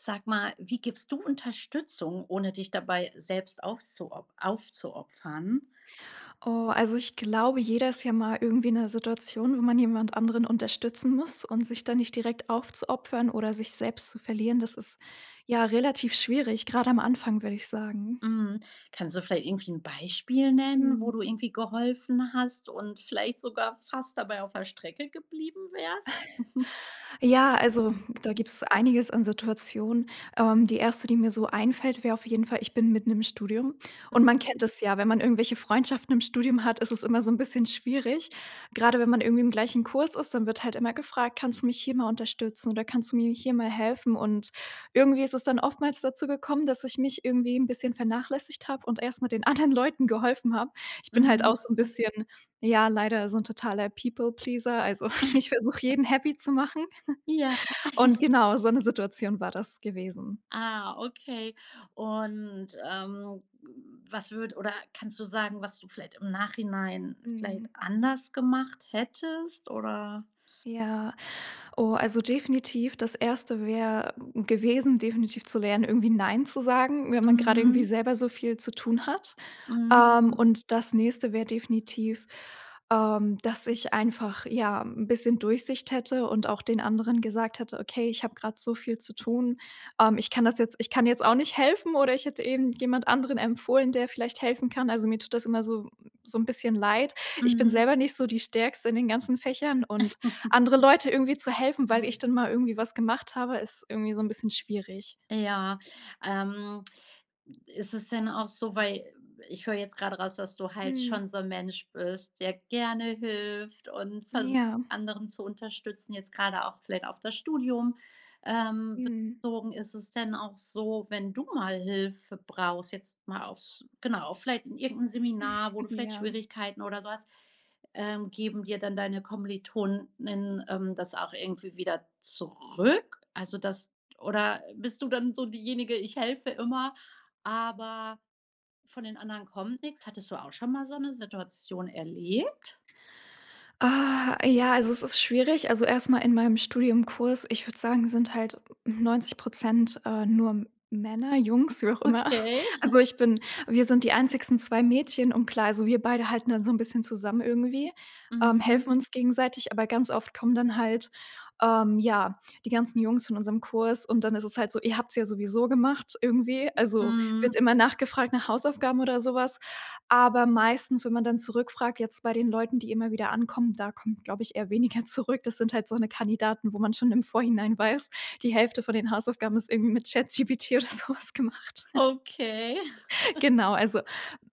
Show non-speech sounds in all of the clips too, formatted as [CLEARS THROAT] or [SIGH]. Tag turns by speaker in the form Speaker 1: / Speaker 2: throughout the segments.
Speaker 1: Sag mal, wie gibst du Unterstützung, ohne dich dabei selbst aufzuop aufzuopfern?
Speaker 2: Oh, also, ich glaube, jeder ist ja mal irgendwie in 'ner Situation, wo man jemand anderen unterstützen muss und sich dann nicht direkt aufzuopfern oder sich selbst zu verlieren, das ist, ja, relativ schwierig, gerade am Anfang, würde ich sagen.
Speaker 1: Mhm. Kannst du vielleicht irgendwie 'n Beispiel nennen,
Speaker 2: Mhm.
Speaker 1: wo du irgendwie geholfen hast und vielleicht sogar fast dabei auf der Strecke geblieben wärst? [GIGGLES]
Speaker 2: Ja. Also, da
Speaker 1: [UNINTELLIGIBLE]
Speaker 2: gibt's einiges an Situationen. Ähm, die 1., die mir so einfällt, wäre auf jeden Fall: Ich bin mitten im Studium. Und man
Speaker 1: Mhm.
Speaker 2: kennt das ja, wenn man irgendwelche Freundschaften im Studium hat, ist es immer so 'n bisschen schwierig. Gerade wenn man irgendwie im gleichen Kurs ist, dann wird halt immer gefragt: „Kannst du mich hier mal unterstützen, oder kannst du mir hier mal helfen?“ Und irgendwie ist es dann oftmals dazu gekommen, dass ich mich irgendwie 'n bisschen vernachlässigt habe und erst mal den anderen Leuten geholfen habe. Ich bin halt
Speaker 1: Mhm.
Speaker 2: auch so 'n bisschen ja, leider so 'n totaler People Pleaser. Also, [CHUCKLES] ich versuche,
Speaker 1: [GIGGLES]
Speaker 2: jeden happy zu machen.
Speaker 1: Ja.
Speaker 2: [CHUCKLES] Und
Speaker 1: [LAUGHS]
Speaker 2: genau, so 'ne Situation war das gewesen.
Speaker 1: Ah, okay. Und, ähm, w was würd oder kannst du sagen, was du vielleicht im Nachhinein vielleicht
Speaker 2: Mhm.
Speaker 1: anders gemacht hättest, oder
Speaker 2: Ja, Oh, also definitiv, das 1. wäre, hm, gewesen, definitiv zu lernen, irgendwie nein zu sagen, wenn man gerade irgendwie
Speaker 1: Mhm.
Speaker 2: selber so viel zu tun hat. Ähm,
Speaker 1: Mhm.
Speaker 2: und das nächste wäre definitiv, ähm, dass ich einfach, ja, 'n bisschen Durchsicht hätte und auch den anderen gesagt hätte: „Okay, ich habe gerade so viel zu tun. Ähm, ich kann das jetzt ich kann jetzt auch nicht helfen“, oder ich hätte eben jemand anderen empfohlen, der vielleicht helfen kann. Also, mir tut das immer so so 'n bisschen leid. Ich bin
Speaker 1: Mhm.
Speaker 2: selber nicht so die Stärkste in den ganzen Fächern und
Speaker 1: [LAUGHS]
Speaker 2: andere Leute irgendwie zu helfen, weil ich dann mal irgendwie
Speaker 1: [UNINTELLIGIBLE]
Speaker 2: was gemacht habe, ist irgendwie so 'n bisschen schwierig.
Speaker 1: Ja. Ähm ist es denn auch so, weil ich höre jetzt gerade raus, dass du halt
Speaker 2: Mhm.
Speaker 1: schon so 'n Mensch bist, der gerne hilft und versucht,
Speaker 2: Ja.
Speaker 1: anderen zu unterstützen, jetzt gerade auch vielleicht auf das Studium, ähm,
Speaker 2: Mhm.
Speaker 1: bezogen. Ist es denn auch so, wenn du mal Hilfe brauchst jetzt mal aufs genau, vielleicht in irgendein Seminar, wo du
Speaker 2: [GIGGLES]
Speaker 1: vielleicht
Speaker 2: Ja.
Speaker 1: Schwierigkeiten oder so hast, ähm geben dir dann deine Kommiliton:innen, ähm, das auch irgendwie wieder zurück? Also das d oder bist du dann so diejenige: „Ich helfe immer, aber von den anderen kommt nix?“ Hattest du auch schon mal so 'ne Situation erlebt?
Speaker 2: Ah, ja. Also, es ist schwierig. Also erstmal in meinem Studienkurs, ich würde sagen, sind halt 90 %, äh, nur Männer, Jungs, wie auch immer.
Speaker 1: Okay.
Speaker 2: Also,
Speaker 1: [CHUCKLES]
Speaker 2: ich bin wir sind die einzigen 2 Mädchen. Und klar, also, wir beide halten dann so 'n bisschen zusammen irgendwie. Ähm, helfen
Speaker 1: Mhm.
Speaker 2: uns gegenseitig, aber ganz oft kommen dann halt, ähm, ja, die ganzen Jungs von unserem Kurs und dann ist es halt so: „Ihr habt's ja sowieso gemacht“, irgendwie. Also wird
Speaker 1: Mhm.
Speaker 2: immer nachgefragt nach Hausaufgaben oder sowas. Aber meistens, wenn man dann zurückfragt, jetzt bei den Leuten, die immer wieder ankommen, da kommt, glaube ich, eher weniger zurück. Das sind halt so, ne, Kandidaten, wo man schon im Vorhinein weiß, die Hälfte von den Hausaufgaben ist irgendwie mit ChatGPT oder sowas gemacht.
Speaker 1: Okay.
Speaker 2: Genau, also,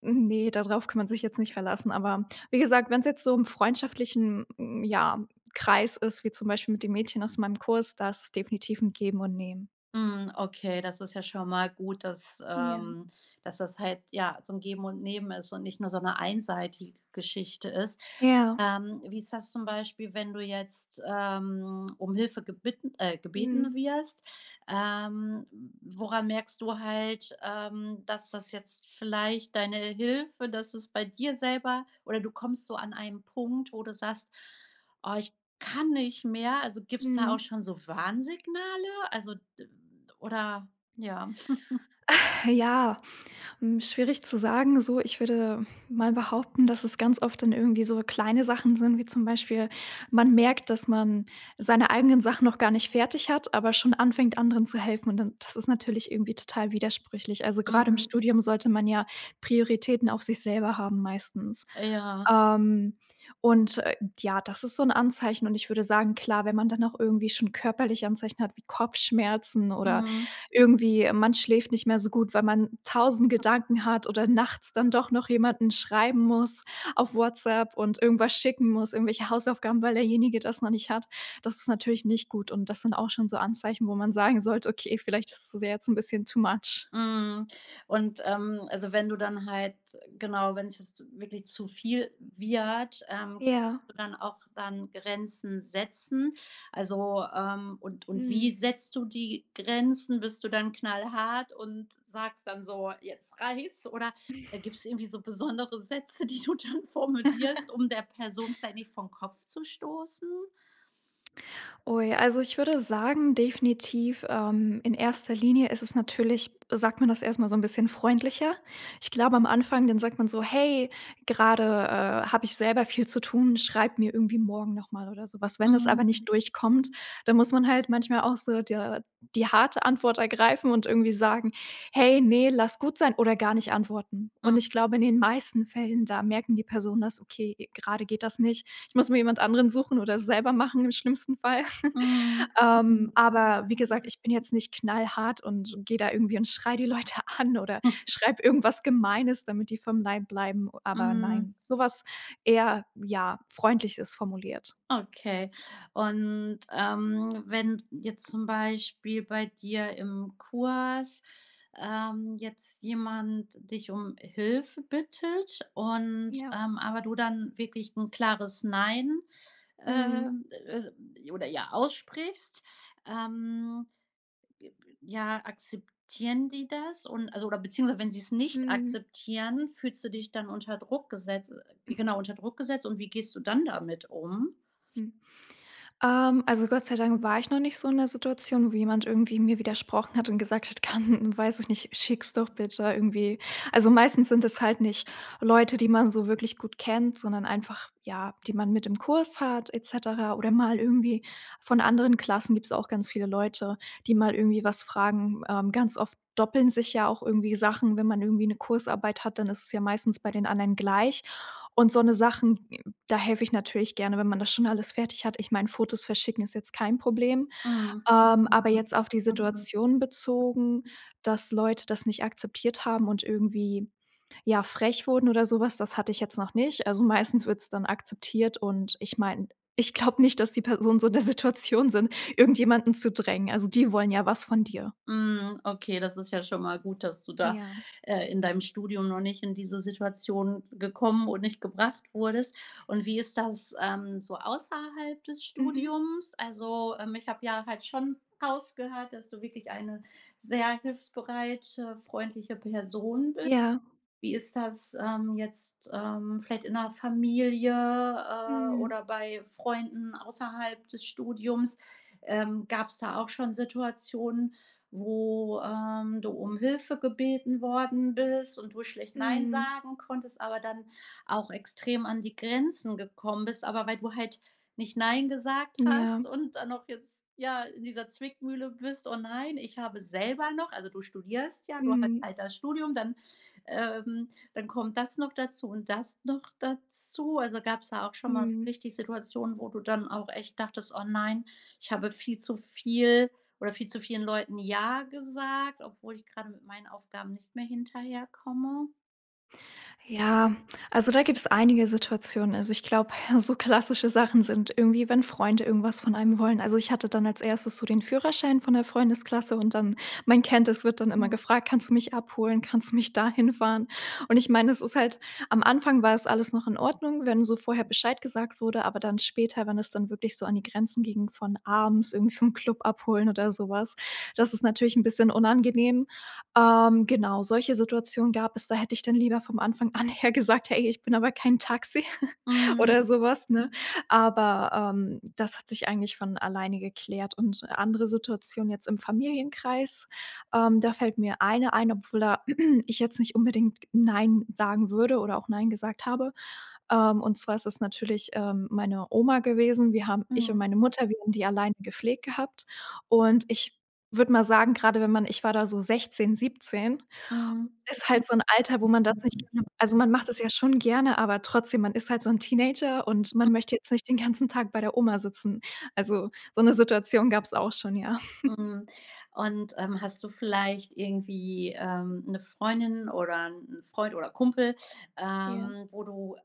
Speaker 2: ne, darauf kann man sich jetzt nicht verlassen, aber wie gesagt, wenn's jetzt so im freundschaftlichen, ja, Kreis ist, wie zum Beispiel mit den Mädchen aus meinem Kurs, da ist es
Speaker 1: I
Speaker 2: definitiv 'n Geben und Nehmen.
Speaker 1: Mhm, okay, das ist ja schon mal gut, dass,
Speaker 2: Ja.
Speaker 1: ähm dass das halt, ja, so 'n Geben und Nehmen ist und nicht nur so 'ne einseitige Geschichte ist.
Speaker 2: Ja.
Speaker 1: Ähm, wie ist das zum Beispiel, wenn du jetzt, ähm, um Hilfe gebitten äh,
Speaker 2: Mhm.
Speaker 1: gebeten wirst, ähm, w woran merkst du halt, ähm, dass das jetzt vielleicht deine Hilfe, dass es bei dir selber oder du kommst so an einen Punkt, wo du sagst: „Oh, ich kann nicht mehr.“ Also, gibt's da auch
Speaker 2: Mhm.
Speaker 1: schon so Warnsignale? Also, d oder ja? [CHUCKLES]
Speaker 2: Ja, hm, schwierig zu sagen, so ich würde mal behaupten, dass es ganz oft dann irgendwie so kleine Sachen sind, wie zum Beispiel.: Man merkt, dass man seine eigenen Sachen noch gar nicht fertig hat, aber schon anfängt, anderen zu helfen. Und dann das ist natürlich irgendwie total widersprüchlich. Also, grad im
Speaker 1: Mhm.
Speaker 2: Studium sollte man ja Prioritäten auf sich selber haben, meistens.
Speaker 1: Äh, ja.
Speaker 2: Ähm, und, äh, ja, das ist so 'n Anzeichen. Und ich würde sagen klar, wenn man dann auch irgendwie schon körperliche Anzeichen hat wie Kopfschmerzen oder
Speaker 1: Mhm.
Speaker 2: irgendwie, ähm, man schläft nicht mehr so gut, weil man 1.000 Gedanken hat oder nachts dann doch noch jemanden schreiben muss auf WhatsApp und irgendwas schicken muss, irgendwelche Hausaufgaben, weil derjenige das noch nicht hat. Das ist natürlich nicht gut. Und das sind auch schon so Anzeichen, wo man sagen sollte: „Okay, vielleicht ist es jetzt' n bisschen too much.“
Speaker 1: Mhm. Und, ähm, also, wenn du dann halt genau, wenn's jetzt wirklich zu viel wird, ähm, ob
Speaker 2: Ja.
Speaker 1: du dann auch dann Grenzen setzen also, ähm, und und wie
Speaker 2: Mhm.
Speaker 1: setzt du die Grenzen? Bist du dann knallhart und sagst dann so: „Jetzt reichts?“ Oder, äh,
Speaker 2: [CHUCKLES]
Speaker 1: gibt's irgendwie so besondere Sätze, die du dann formulierst,
Speaker 2: [GIGGLES]
Speaker 1: um der Person vielleicht nicht vorn Kopf zu stoßen?
Speaker 2: Ui, also, ich würde sagen, definitiv, ähm, in erster Linie ist es natürlich sagt man das erstmal so 'n bisschen freundlicher. Ich glaube am Anfang, dann sagt man so: „Hey, gerade, äh, habe ich selber viel zu tun. Schreib mir irgendwie morgen nochmal oder sowas.“ Wenn das aber nicht
Speaker 1: Mhm.
Speaker 2: durchkommt, dann muss man halt manchmal auch so der die harte Antwort ergreifen und irgendwie sagen: „Hey, ne, lass gut sein“ oder gar nicht antworten. Und
Speaker 1: M
Speaker 2: ich glaube, in den meisten Fällen, da merken die Personen das: „Okay, gerade geht das nicht. Ich muss mir jemand anderen suchen oder selber machen, im schlimmsten Fall.“ [CHUCKLES]
Speaker 1: Mhm.
Speaker 2: Ähm, aber wie gesagt, ich bin jetzt nicht knallhart und und gehe da irgendwie und schreie die Leute an oder
Speaker 1: [CHUCKLES]
Speaker 2: schreibe irgendwas Gemeines, damit die vom Leib bleiben. Aber
Speaker 1: Mhm.
Speaker 2: nein, sowas eher, ja, freundlich es formuliert.
Speaker 1: Okay. Und, ähm, wenn jetzt zum Beispiel bei dir im Kurs, ähm, jetzt jemand dich um Hilfe bittet und,
Speaker 2: Ja.
Speaker 1: ähm, aber du dann wirklich 'n klares „Nein“,
Speaker 2: Mhm.
Speaker 1: ähm, äh, oder, ja, aussprichst, ähm, b b ja, akzeptieren die das und, also oder beziehungsweise wenn sie es nicht
Speaker 2: Mhm.
Speaker 1: akzeptieren, fühlst du dich dann unter Druck gesetzt
Speaker 2: [CHUCKLES]
Speaker 1: genau unter Druck gesetzt und wie gehst du dann damit um?
Speaker 2: Hm, ähm, also, Gott sei Dank war ich noch nicht so in der Situation, wo jemand irgendwie mir widersprochen hat und gesagt hat: „Kann weiß ich nicht, schicks doch bitte irgendwie.“ Also, meistens sind es halt nicht Leute, die man so wirklich gut kennt, sondern einfach, ja, die man mit im Kurs hat et cetera. Oder mal irgendwie von anderen Klassen gibt's auch ganz viele Leute, die mal irgendwie was fragen. Ähm, ganz oft doppeln sich ja auch irgendwie Sachen. Wenn man irgendwie 'ne Kursarbeit hat, dann ist es ja meistens bei den anderen gleich und so 'ne Sachen. Da helfe ich natürlich gerne, wenn man das schon alles fertig hat. Ich meine, Fotos verschicken ist jetzt kein Problem.
Speaker 1: Mhm.
Speaker 2: Ähm, aber jetzt auf die Situation bezogen, dass Leute das nicht akzeptiert haben und irgendwie, ja, frech wurden oder sowas, das hatte ich jetzt noch nicht. Also, meistens wird es dann akzeptiert. Und ich meine, ich glaube nicht, dass die Personen so in der Situation sind, irgendjemanden zu drängen. Also, die wollen ja was von dir.
Speaker 1: Mhm. Okay, das ist ja schon mal gut, dass du da,
Speaker 2: Ja.
Speaker 1: äh, in deinem Studium noch nicht in diese Situation gekommen und nicht gebracht wurdest. Und wie ist das, ähm, so außerhalb des
Speaker 2: Mhm.
Speaker 1: Studiums? Also, ähm, ich habe ja halt schon rausgehört, dass du wirklich eine sehr hilfsbereite, freundliche Person bist.
Speaker 2: Ja.
Speaker 1: Wie ist das, ähm, jetzt, ähm, vielleicht in der Familie, äh,
Speaker 2: Mhm.
Speaker 1: oder bei Freunden außerhalb des Studiums. Ähm, gabs da auch schon Situationen, wo, ähm, du um Hilfe gebeten worden bist und du schlecht „nein“
Speaker 2: Mhm.
Speaker 1: sagen konntest, aber dann auch extrem an die Grenzen gekommen bist, aber weil du halt nicht „nein“ gesagt hast
Speaker 2: Ja.
Speaker 1: und dann noch jetzt, ja, in dieser Zwickmühle bist: „Oh nein, ich habe selber noch“ Also, du studierst ja, du hast
Speaker 2: Mhm.
Speaker 1: halt das Studium, dann, ähm, dann kommt das noch dazu und das noch dazu. Also, gab's da auch schon mal so
Speaker 2: Mhm.
Speaker 1: richtig Situationen, wo du dann auch echt dachtest: „Oh nein, ich habe viel zu viel oder viel zu vielen Leuten „ja“ gesagt, obwohl ich grad mit meinen Aufgaben nicht mehr hinterherkomme?
Speaker 2: Ja. Also, da gibt's einige Situationen. Also, ich glaube, so klassische Sachen sind irgendwie, wenn Freunde irgendwas von einem wollen. Also, ich hatte dann als 1. so den Führerschein von der Freundesklasse. Und dann, man kennt es, wird dann immer
Speaker 1: Mhm.
Speaker 2: gefragt: „Kannst du mich abholen? Kannst du mich da hinfahren?“ Und ich meine, es ist halt am Anfang war es alles noch in Ordnung, wenn so vorher Bescheid gesagt wurde. Aber dann später, wenn es dann wirklich so an die Grenzen ging von abends irgendwie vom Club abholen oder sowas. Das ist natürlich 'n bisschen unangenehm. Ähm, genau, solche Situationen gab es. Da hätte ich dann lieber vom Anfang an her gesagt, hey, ich bin aber kein Taxi [GIGGLES]
Speaker 1: Mhm.
Speaker 2: oder sowas, ne? Aber, ähm, das hat sich eigentlich von alleine geklärt. Und andere Situationen jetzt im Familienkreis, ähm, da fällt mir eine ein, obwohl da [CLEARS THROAT] ich jetzt nicht unbedingt „nein“ sagen würde oder auch „nein“ gesagt habe. Ähm, und zwar ist es natürlich, ähm, meine Oma gewesen. Wir haben ich
Speaker 1: Mhm.
Speaker 2: und meine Mutter, wir haben die alleine gepflegt gehabt. Und ich würde mal sagen, gerade wenn man ich war da so 16, 17,
Speaker 1: Mhm.
Speaker 2: ist halt so 'n Alter, wo man das nicht. [UNINTELLIGIBLE] Also, man macht das ja schon gerne, aber trotzdem, man ist halt so 'n Teenager und man möchte
Speaker 1: [CHUCKLES]
Speaker 2: jetzt nicht den ganzen Tag bei der Oma sitzen. Also, so 'ne Situation gab's auch schon, ja. [CHUCKLES]
Speaker 1: Mhm. Und, ähm, hast du vielleicht irgendwie, ähm, 'ne Freundin oder 'n 'n Freund oder Kumpel,
Speaker 2: Ja.
Speaker 1: ähm, wo du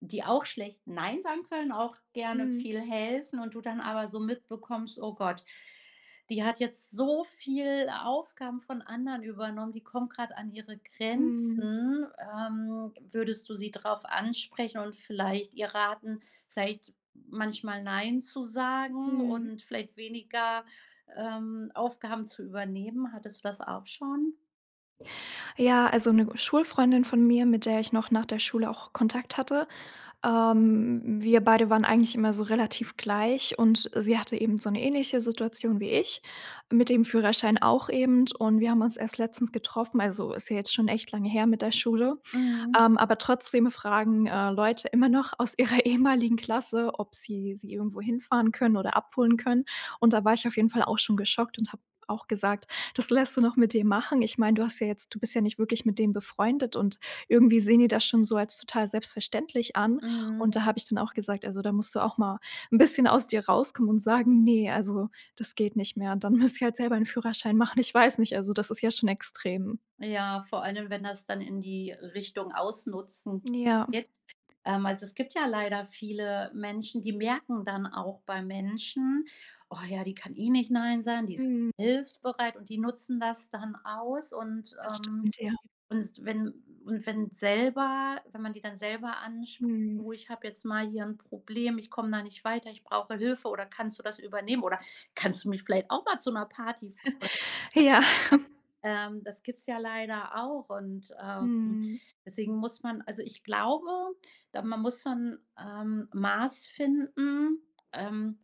Speaker 1: die auch schlecht „nein“ sagen können? Auch gerne
Speaker 2: Mhm.
Speaker 1: viel helfen und du dann aber so mitbekommst: „Oh Gott, die hat jetzt so viel Aufgaben von anderen übernommen, die kommt grad an ihre
Speaker 2: Mhm.
Speaker 1: Grenzen. Ähm, würdest du sie drauf ansprechen und vielleicht ihr raten, vielleicht manchmal „nein“ zu sagen
Speaker 2: Mhm.
Speaker 1: und vielleicht weniger, ähm, Aufgaben zu übernehmen? Hattest du das auch schon?
Speaker 2: Ja, also 'ne Schulfreundin von mir, mit der ich noch nach der Schule auch Kontakt hatte, ähm, wir beide waren eigentlich immer so relativ gleich und sie hatte eben so 'ne ähnliche Situation wie ich mit dem Führerschein auch eben. Und wir haben uns erst letztens getroffen, also ist ja jetzt schon echt lange her mit der Schule,
Speaker 1: Mhm.
Speaker 2: ähm, aber trotzdem fragen, äh, Leute immer noch aus ihrer ehemaligen Klasse, ob sie sie irgendwo hinfahren können oder abholen können. Und da war ich auf jeden Fall auch schon geschockt und habe auch gesagt: „Das lässt du noch mit dir machen? Ich meine, du hast ja jetzt du bist ja nicht wirklich mit dem befreundet und irgendwie sehen die das schon so als total selbstverständlich an.“ Und
Speaker 1: Mhm.
Speaker 2: da habe ich dann auch gesagt: „Also, da musst du auch mal 'n bisschen aus dir rauskommen und sagen, ne, also, das geht nicht mehr.“ Und dann müssen sie halt selber 'n Führerschein machen. Ich weiß nicht. Also, das ist ja schon extrem.
Speaker 1: Ja, vor allem, wenn das dann in die Richtung Ausnutzen
Speaker 2: Ja. [CHUCKLES]
Speaker 1: geht. Ähm, also es gibt ja leider viele Menschen, die merken dann auch bei Menschen: „Oh ja, die kann eh nicht nein sagen, die ist
Speaker 2: Mhm.
Speaker 1: hilfsbereit“ und die nutzen das dann aus. Und,
Speaker 2: Das
Speaker 1: ähm
Speaker 2: stimmt, ja.
Speaker 1: und wenn und wenn selber wenn man die dann selber anspricht:
Speaker 2: Mhm.
Speaker 1: „Du ich habe jetzt mal hier ein Problem, ich komme da nicht weiter, ich brauche Hilfe oder kannst du das übernehmen, oder kannst du mich vielleicht auch mal zu 'ner Party fahren?“
Speaker 2: Ja.
Speaker 1: [UNINTELLIGIBLE] Ähm, das gibt's ja leider auch und, ähm,
Speaker 2: Mhm.
Speaker 1: deswegen muss man also ich glaube, da man muss so 'n, ähm, Maß finden, ähm,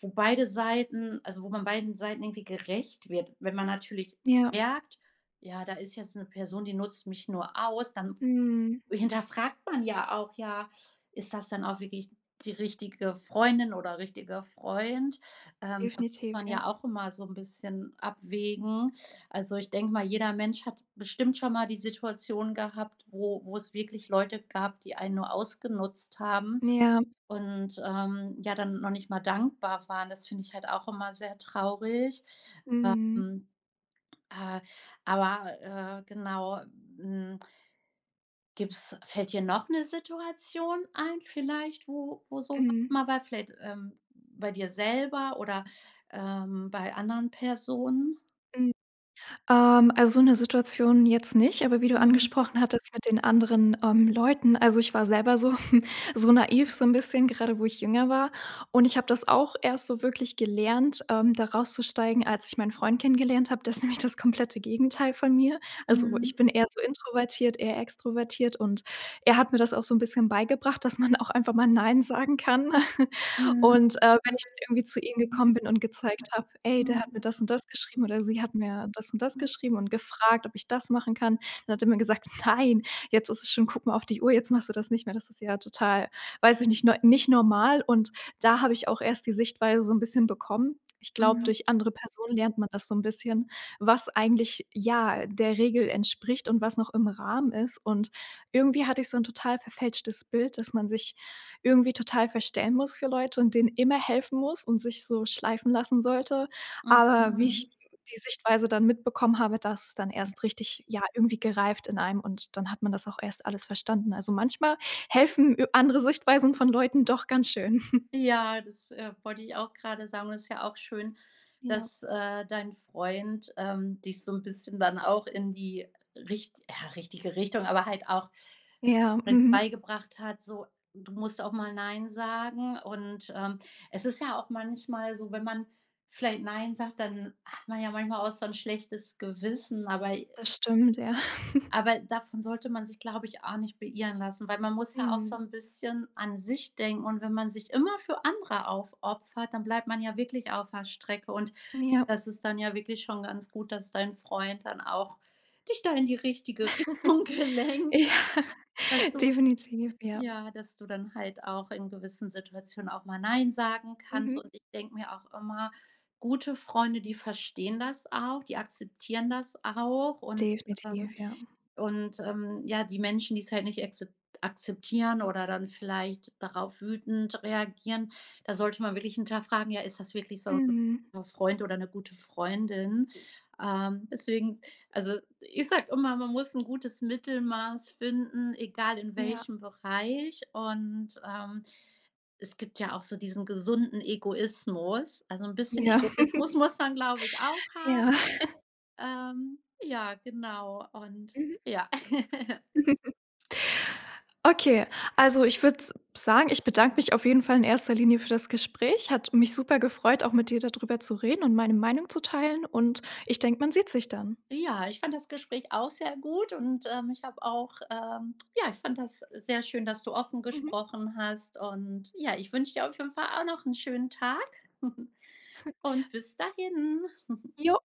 Speaker 1: wo beide Seiten also wo man beiden Seiten irgendwie gerecht wird. Wenn man natürlich
Speaker 2: Ja.
Speaker 1: merkt: „Ja, da ist jetzt 'ne Person, die nutzt mich nur aus,“ dann
Speaker 2: Mhm.
Speaker 1: hinterfragt man ja auch: „Ja, ist das dann auch wirklich die richtige Freundin oder richtiger Freund?“ Ähm, da muss
Speaker 2: Definitiv,
Speaker 1: man
Speaker 2: ja.
Speaker 1: ja auch immer so 'n bisschen abwägen. Also, ich denke mal, jeder Mensch hat bestimmt schon mal die Situation gehabt, wo wo es wirklich Leute gab, die einen nur ausgenutzt haben
Speaker 2: Ja.
Speaker 1: und, ähm, ja dann noch nicht mal dankbar waren. Das finde ich halt auch immer sehr traurig.
Speaker 2: Mhm.
Speaker 1: Ähm, äh, aber, äh, genau, hm Gibt's fällt dir noch 'ne Situation ein vielleicht, wo wo sowas
Speaker 2: Mhm.
Speaker 1: mal war, vielleicht, ähm, bei dir selber oder, ähm, bei anderen Personen?
Speaker 2: Mhm. Ähm, also so 'ne Situation jetzt nicht. Aber wie du
Speaker 1: Mhm.
Speaker 2: angesprochen hattest mit den anderen, ähm, Leuten. Also, ich war selber so so naiv, so 'n bisschen, gerade wo ich jünger war. Und ich habe das auch erst so wirklich gelernt, ähm, da rauszusteigen, als ich meinen Freund kennengelernt habe. Der ist nämlich das komplette Gegenteil von mir. Also, ich
Speaker 1: Mhm.
Speaker 2: bin eher so introvertiert, er extrovertiert. Und er hat mir das auch so 'n bisschen beigebracht, dass man auch einfach mal nein sagen kann. [CHUCKLES]
Speaker 1: Mhm.
Speaker 2: Und, äh, wenn dann ich irgendwie zu ihm gekommen bin und gezeigt habe: „Ey, der hat mir
Speaker 1: [UNINTELLIGIBLE]
Speaker 2: das und das geschrieben. Oder sie hat mir das und das
Speaker 1: [UNINTELLIGIBLE]
Speaker 2: geschrieben und gefragt, ob ich das machen kann.“ Dann hat er mir gesagt: „Nein, jetzt ist es schon guck mal auf die Uhr, jetzt machst du das nicht mehr. Das ist ja total, weiß ich nicht, ne nicht normal.“ Und da habe ich auch erst die Sichtweise so 'n bisschen bekommen. Ich glaube,
Speaker 1: Mhm.
Speaker 2: durch andere Personen lernt man das so 'n bisschen, was eigentlich, ja, der Regel entspricht und was noch im Rahmen ist. Und irgendwie hatte ich so 'n total verfälschtes Bild, dass man sich irgendwie total verstellen muss für Leute und denen immer helfen muss und sich so schleifen lassen sollte. Aber wie ich
Speaker 1: Hm.
Speaker 2: die Sichtweise dann mitbekommen habe, da ist dann erst richtig, ja, irgendwie gereift in einem. Und dann hat man das auch erst alles verstanden. Also, manchmal helfen i andere Sichtweisen von Leuten doch ganz schön. [CHUCKLES]
Speaker 1: Ja, das, äh, wollte ich auch grade sagen. Und das ist ja auch schön,
Speaker 2: Ja.
Speaker 1: dass, äh, dein Freund, ähm, dich so 'n bisschen dann auch in die richt ja, richtige Richtung, aber halt auch
Speaker 2: Ja,
Speaker 1: mit
Speaker 2: mhm
Speaker 1: beigebracht hat, so: Du musst auch mal nein sagen. Und, ähm, es ist ja auch manchmal so, wenn man vielleicht nein sagt, dann hat man ja manchmal auch so 'n schlechtes Gewissen, aber i
Speaker 2: Das stimmt, ja. [CHUCKLES]
Speaker 1: Aber davon sollte man sich, glaube ich, auch nicht beirren lassen. Weil man muss ja auch so
Speaker 2: Mhm.
Speaker 1: 'n bisschen an sich denken und wenn man sich immer für andere aufopfert, dann bleibt man ja wirklich auf der Strecke. Und
Speaker 2: Ja.
Speaker 1: das ist dann ja wirklich schon ganz gut, dass dein Freund dann auch dich da in die richtige
Speaker 2: [CHUCKLES]
Speaker 1: Richtung gelenkt
Speaker 2: Ja.
Speaker 1: Dass du,
Speaker 2: Definitiv, ja.
Speaker 1: ja dass du dann halt auch in gewissen Situationen auch mal nein sagen kannst
Speaker 2: Mhm.
Speaker 1: und ich denke mir auch immer: „Gute Freunde, die verstehen das auch, die akzeptieren das auch.“ Und,
Speaker 2: Definitiv,
Speaker 1: ähm
Speaker 2: ja.
Speaker 1: und, ähm, ja, die Menschen, die's halt nicht akzep akzeptieren oder dann vielleicht darauf wütend reagieren, da sollte man wirklich hinterfragen: „Ja, ist das wirklich so 'n
Speaker 2: Mhm.
Speaker 1: guter Freund oder 'ne gute Freundin?“ Ähm, deswegen, also, ich sage immer: „Man muss 'n gutes Mittelmaß finden, egal in
Speaker 2: Ja.
Speaker 1: welchem Bereich.“ Und, ähm, es gibt ja auch so diesen gesunden Egoismus. Also, 'n bisschen
Speaker 2: Ja.
Speaker 1: Egoismus muss man, glaube ich auch
Speaker 2: [CHUCKLES]
Speaker 1: ha
Speaker 2: Ja. [CHUCKLES]
Speaker 1: ähm, ja, genau und
Speaker 2: Mhm.
Speaker 1: ja. [GIGGLES]
Speaker 2: [CHUCKLES] Okay. Also ich würde s sagen, ich bedanke mich auf jeden Fall in erster Linie für das Gespräch. Hat mich super gefreut, auch mit dir da drüber zu reden und meine Meinung zu teilen. Und ich denke, man sieht sich dann.
Speaker 1: Ja, ich fand das Gespräch auch sehr gut und, ähm, ich habe auch, ähm ja, ich fand das sehr schön, dass du offen
Speaker 2: Mhm.
Speaker 1: gesprochen hast. Und ja, ich wünsche dir auf jeden Fall auch noch 'n schönen Tag [CHUCKLES]
Speaker 2: [CHUCKLES]
Speaker 1: und bis dahin. [CHUCKLES]
Speaker 2: Jo.